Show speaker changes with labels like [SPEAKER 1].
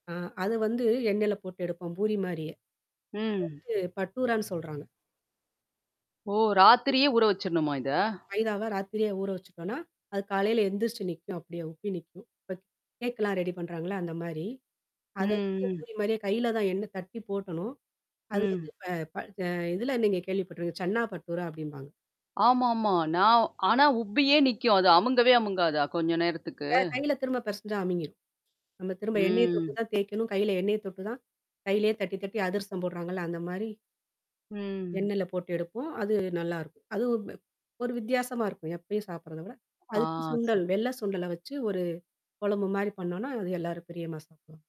[SPEAKER 1] ஆ அத வந்து எண்ணெய்ல போட்டு எடுப்போம், பூரி மாரியே. அது
[SPEAKER 2] ம்.
[SPEAKER 1] வந்து பட்டூரான்னு சொல்றாங்க.
[SPEAKER 2] ஓ! ராத்திரியே ஊற வச்சரணுமா இத?
[SPEAKER 1] மைதாவ ராத்திரியே ஊற வச்சுட்டோன்னா, அது காலையில எந்திரிச்சி நிக்கும், அப்படியியே உப்பி நிக்கும். இப்ப கேக்கெல்லாம் ரெடி பண்றாங்கல்ல! அந்த மாரி.
[SPEAKER 2] ம்,
[SPEAKER 1] அத வந்து
[SPEAKER 2] ம்.
[SPEAKER 1] பூரி மாரியே கையில தான் எண்ண தட்டி போடணும் அது வந்து
[SPEAKER 2] ம்.
[SPEAKER 1] ப ப அ இதில நீங்க கேள்விப்பட்டுரு சென்னா பட்டூரா அப்டீம்பாங்க.
[SPEAKER 2] ஆமாமா. நான் ஆனா, உப்பியே நிக்கும், அது அமுங்கவே அமுங்காதா? கொஞ்சம் நேரத்துக்கு!
[SPEAKER 1] க கையில திரும்ப பெசஞ்சா அமுங்கிரும். நம்ம திரும்ப எண்ணெய தொட்டு
[SPEAKER 2] ம்.
[SPEAKER 1] தான் தேய்க்கணும், கையில எண்ணெய தொட்டு தான் கையிலேயே தட்டி, தட்டி அதிரசம் போடுறாங்கல்ல! அந்த மாரி
[SPEAKER 2] ம்.
[SPEAKER 1] எண்ணெயில போட்டு எடுப்போம், அது நல்லாருக்கும். அதுவும் வ்வப் ஒரு வித்தியாசமா இருக்கும், எப்பயும் சாப்பிடுறத விட. அதுக்கு
[SPEAKER 2] ஆ ச
[SPEAKER 1] சுண்டல் வெள்ள சுண்டல வச்சு, ஒரு கொழம்பு மாரி பண்ணோம்ன்னா, அது எல்லாரும் பிரியமா சாப்டுவாங்க.